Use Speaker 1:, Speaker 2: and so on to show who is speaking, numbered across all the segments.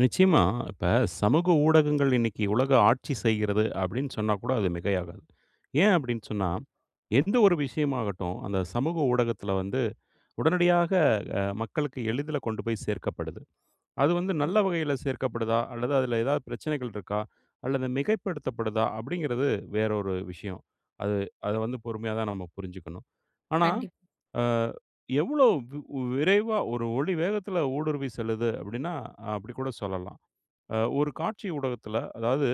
Speaker 1: நிச்சயமா, இப்ப சமூக ஊடகங்கள் இன்னைக்கு உலக ஆட்சி செய்கிறது அப்படின்னு சொன்னா கூட, அது மிகையாகாது. ஏன் அப்படின்னு சொன்னா, எந்த ஒரு விஷயமாகட்டும் அந்த சமூக ஊடகத்துல வந்து உடனடியாக மக்களுக்கு எளிதில் கொண்டு போய் சேர்க்கப்படுது. அது வந்து நல்ல
Speaker 2: கண்டிப்பா.
Speaker 1: வகையில சேர்க்கப்படுதா, அல்லது அதில ஏதாவது பிரச்சனைகள் இருக்கா, அல்லது மிகைப்படுத்தப்படுதா அப்படிங்கிறது வேற ஒரு விஷயம். அது அதை வந்து பொறுமையா தான் நம்ம புரிஞ்சிக்கணும். ஆனா,
Speaker 2: கண்டிப்
Speaker 1: ஆ எவ்வளோ விரைவா ஒரு ஒளி வேகத்துல ஊடுருவி செல்லுது அப்படின்னா அப்படி கூட சொல்லலாம். ஒரு காட்சி ஊடகத்துல அதாவது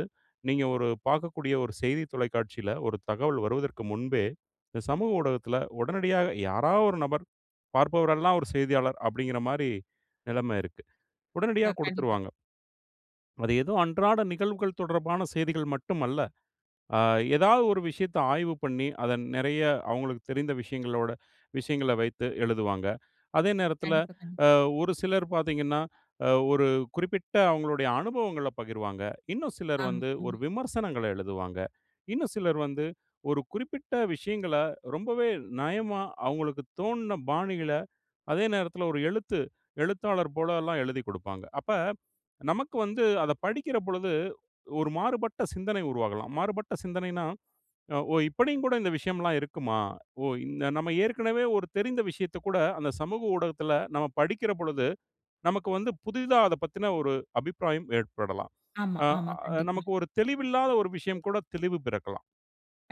Speaker 1: நீங்க ஒரு பார்க்கக்கூடிய ஒரு செய்தி தொலைக்காட்சியில ஒரு தகவல் வருவதற்கு முன்பே, இந்த சமூக ஊடகத்தில உடனடியாக யாராவது ஒரு நபர், பார்ப்பவரெல்லாம் ஒரு செய்தியாளர் அப்படிங்கிற மாரி நிலைமை இருக்கு. உடனடியா
Speaker 2: அ கண்டிப்பா.
Speaker 1: குடுத்துருவாங்க. அது ஏதோ அன்றாட நிகழ்வுகள் தொடர்பான செய்திகள் மட்டுமல்ல. அ ஏதாவது ஒரு விஷயத்தை ஆய்வு பண்ணி, அதை நிறைய அவங்களுக்கு தெரிந்த விஷயங்களோட விஷயங்கள வைத்து எழுதுவாங்க. அதே நேரத்தில,
Speaker 2: கண்டிப்பா கண்டிப்பா.
Speaker 1: ஒரு சிலர் பார்த்தீங்கணா, ஒரு குறிப்பிட்ட அவங்களுடைய அனுபவங்களை பகிர்வாங்க. இன்னும் சிலர்
Speaker 2: ஆமா.
Speaker 1: வந்து ஒரு
Speaker 2: ஆமா.
Speaker 1: விமர்சனங்களை எழுதுவாங்க. இன்னும் சிலர் வந்து ஒரு குறிப்பிட்ட விஷயங்கள ரொம்பவே நயமா அவங்களுக்குத் தோணுன பாணிள, அதே நேரத்தில ஒரு எழுத்து எழுத்தாளர் போல எல்லாம் எழுதிக் குடுப்பாங்க. அப்ப நமக்கு வந்து அதை படிக்கிற பொழுது, ஒரு மாறுபட்ட சிந்தனை உருவாகலாம். மாறுபட்ட சிந்தனைனா, ஓ! இப்படியும் கூட இந்த விஷயம் எல்லாம் இருக்குமா? ஓ நாம் ஏற்கனவே ஒரு தெரிந்த விஷயத்தைக் கூட, அந்த சமூக ஊடகத்தில நாம் படிக்கிற பொழுது நமக்கு வந்து புதிதா அதைப் பற்றிய ஒரு அபிப்பிராயம் ஏற்படலாம்.
Speaker 2: ஆமா
Speaker 1: அ
Speaker 2: ஆமா கண்டிப்பா.
Speaker 1: நமக்கு ஒரு தெளிவில்லாத ஒரு விஷயம் கூட தெளிவு பிறக்கலாம்.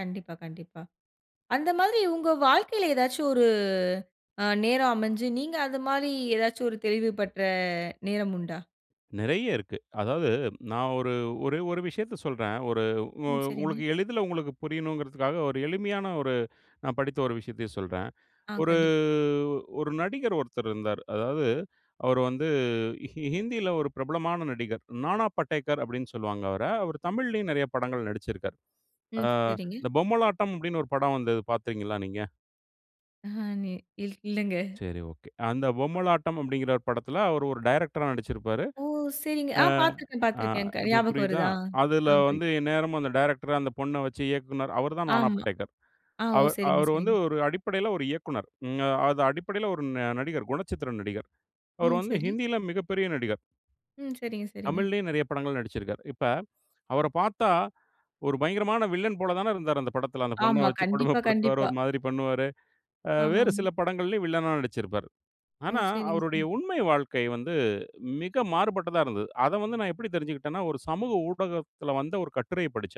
Speaker 2: கண்டிப்பா கண்டிப்பா. அந்த மாதிரி உங்க வாழ்க்கையில ஏதாச்சும் ஒரு நேரம் அமைஞ்சு, நீங்க அந்த மாதிரி ஏதாச்சும் ஒரு தெளிவு பெற்ற நேரம் உண்டா?
Speaker 1: நிறைய இருக்கு. அதாவது நான் ஒரு ஒரெ ஒரு விஷயத்தை சொல்றேன். ஒரு உ
Speaker 2: ம் சரிங்க.
Speaker 1: உங்களுக்கு எளிதில உங்களுக்கு புரியணும்ங்கிறதுக்காக, ஒரு எளிமையான ஒரு நான் படித்த ஒரு விஷயத்தையும் சொல்றேன்.
Speaker 2: ஆ
Speaker 1: ஒரு
Speaker 2: கண்டிப்
Speaker 1: ஒரு நடிகர் ஒருத்தர் இருந்தார். அதாவது அவரு வந்து ஹிந்தில ஒரு பிரபலமான நடிகர். "நானா படேகர்" அப்படின்னு சொல்லுவாங்க அவரை. அவர் தமிழ்லயும் நிறைய படங்கள் நடிச்சி ருக்கார். அ
Speaker 2: ம் சரிங்க.
Speaker 1: இந்த "பொம்மலாட்டம்" அப்படின்னு ஒரு படம் வந்தது பார்த்தீங்களா நீங்க?
Speaker 2: [unintelligible] இல் இல்லைங்க.
Speaker 1: சரி ஒகே. அந்த பொம்மலாட்டம் அப்படின்கிற படத்தில, அவரு ஒரு டைரக்டரா நடிச்சிருப்பாரு.
Speaker 2: ஓ சரிங்க.
Speaker 1: அ
Speaker 2: ஆ பார்த்துருக்கேன்
Speaker 1: ஆ
Speaker 2: பார்த்துருக்கேன். க
Speaker 1: இப்போ
Speaker 2: ஞாபகம்
Speaker 1: புரியுதா?
Speaker 2: வருதா?
Speaker 1: அதுல வந்து
Speaker 2: [unintelligible]
Speaker 1: எந்நேரமும் அந்த டைரக்டர் அந்த பொண்ணை வைச்சு இயக்குனர். அவர் தான் "நானா
Speaker 2: ஆமா.
Speaker 1: படேகர்."
Speaker 2: ஆ ஓ
Speaker 1: அவர்
Speaker 2: சரிங்க
Speaker 1: அவர் வந்து
Speaker 2: சரிங்க.
Speaker 1: ஒரு அடிப்படையில ஒரு இயக்குனர். அது அடிப்படையில ஒரு நடிகர், குணச்சித்திர நடிகர். அவர்
Speaker 2: ம்
Speaker 1: வந்து
Speaker 2: சரி.
Speaker 1: ஹிந்தியில மிகப்பெரிய நடிகர்.
Speaker 2: ம் சரிங்க சரிங்க.
Speaker 1: தமிழ்லயும் நிறைய படங்கள் நடிசச்சிருக்கார். இப்ப அவரைப் பார்த்தா, ஒரு பயங்கரமான வில்லன் போல தானே இருந்தார் அந்த படத்தில. அந்த பொண்ணை
Speaker 2: ஆமா,
Speaker 1: வைச்சு
Speaker 2: கண்டிப்பா
Speaker 1: கொடுமைப்படுத்துவார்.
Speaker 2: கண்டிப்பா.
Speaker 1: ஒரு மாதிரி பண்ணுவார். வேறு
Speaker 2: ஆமாமா.
Speaker 1: சில படங்களிலும் வில்லனாக நடிச்சிருப்பார்.
Speaker 2: ஓ!
Speaker 1: ஆனா
Speaker 2: சரிங்க
Speaker 1: அவருடைய
Speaker 2: சரி.
Speaker 1: உண்மை வாழ்க்கை வந்து மிக மாறுபட்டதா இருந்தது. அத வந்து நான் எப்படி தெரிஞ்சுகிட்டேனா, ஒரு சமூக ஊடகத்தில வந்த ஒரு கட்டுரையைப் படிச்சேன்.